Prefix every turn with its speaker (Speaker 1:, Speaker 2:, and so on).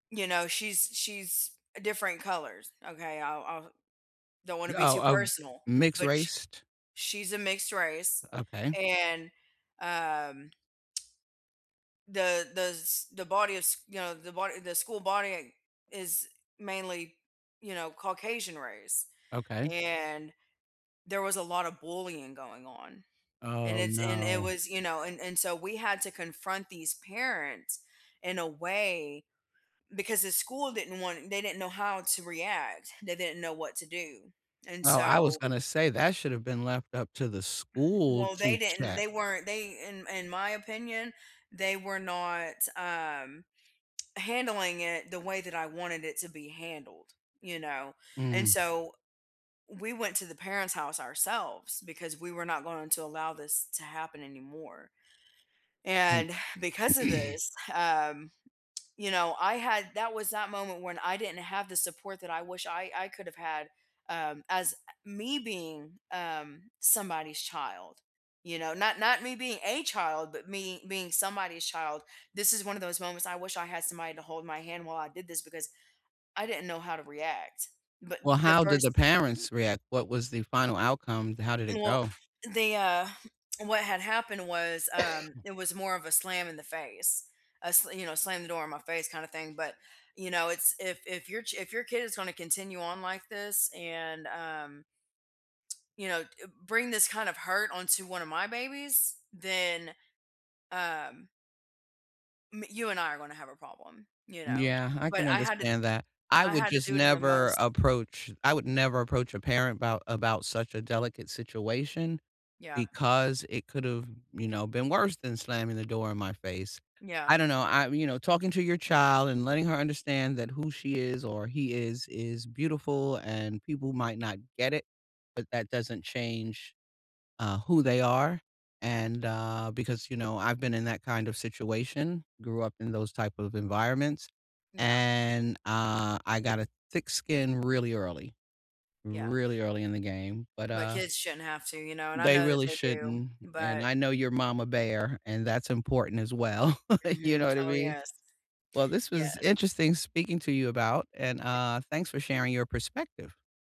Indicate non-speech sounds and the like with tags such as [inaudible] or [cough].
Speaker 1: You know, she's she's different colors, okay, I'll I'll don't wanna be
Speaker 2: Oh,
Speaker 1: too
Speaker 2: um,
Speaker 1: personal,
Speaker 2: mixed
Speaker 1: but she
Speaker 2: raced?
Speaker 1: she's a mixed race,
Speaker 2: Okay.
Speaker 1: and, um the the s the body is, you know, the body the school body, eh, is mainly, you know, Caucasian race,
Speaker 2: Okay.
Speaker 1: and there was a lotta bullying going on, and
Speaker 2: Oh,
Speaker 1: it's and it
Speaker 2: no.
Speaker 1: was, you know, and and so we had to confront these parents in a way because the school didn't want they didn't know how to react, they didn't know what to do, and
Speaker 2: Oh, I was
Speaker 1: so
Speaker 2: gonna say, that should've been left up to the school
Speaker 1: Well,
Speaker 2: to
Speaker 1: they didn't
Speaker 2: check.
Speaker 1: they weren't they, in in my opinion, they were not, um, handling it the way that I wanted it to be handled, you know, and
Speaker 2: Mm.
Speaker 1: so, we went to the parents' house ourselves because we were not going to allow this to happen anymore,
Speaker 2: Mm.
Speaker 1: and because of this, um, you know, I had that was that moment when I didn't have the support that I wish I I could've had, um, as, uh, me being, um, somebody's child, you know, not not me being a child, but me being somebody's child, this is one of those moments I wish I had somebody to hold my hand while I did this because I didn't know how to react, but
Speaker 2: Well,
Speaker 1: the
Speaker 2: how did
Speaker 1: first
Speaker 2: the parents react, what was the final outcome, how did it
Speaker 1: Well,
Speaker 2: go?
Speaker 1: they, uh what had happened was, um,
Speaker 2: [coughs]
Speaker 1: it was more of a slam in the face. A s you know, slam the door in my face kinda thing, but, you know, it's if if your ch if your kid is gonna continue on like this and, um you know, d bring this kind of hurt onto one of my babies, then, um me you and I are gonna have a problem, you know,
Speaker 2: Yeah, I
Speaker 1: but
Speaker 2: can
Speaker 1: I had to
Speaker 2: understand that, I
Speaker 1: I
Speaker 2: would
Speaker 1: had to
Speaker 2: just
Speaker 1: do it in the
Speaker 2: never
Speaker 1: most
Speaker 2: approach I would never approach a parent about about such a delicate situation,
Speaker 1: Yeah.
Speaker 2: because it could've, you now, been worse than slamming the door in my face.
Speaker 1: Yeah.
Speaker 2: I don't know, I you know, talking to your child and letting her understand that who she is or he is is beautiful, and people might not get it, but that doesn't change, uh, who they are, and, uh, because, you know, I've been in that kind of situation, grew up in those type of environments,
Speaker 1: Yeah.
Speaker 2: and, ah, I got a thick skin really early,
Speaker 1: Yeah.
Speaker 2: really early in the game, but,
Speaker 1: My
Speaker 2: uh
Speaker 1: kids shouldn't have to, you know, and I
Speaker 2: they
Speaker 1: know that
Speaker 2: really
Speaker 1: they do,
Speaker 2: shouldn't, and
Speaker 1: but
Speaker 2: I know you're momma bear and that's important as well, [chuckles] you know
Speaker 1: Mhm,
Speaker 2: what I
Speaker 1: oh,
Speaker 2: mean?
Speaker 1: yes.
Speaker 2: Well, this was
Speaker 1: Yes.
Speaker 2: interesting speaking to you about and,
Speaker 1: A
Speaker 2: uh, thanks for sharing your perspective.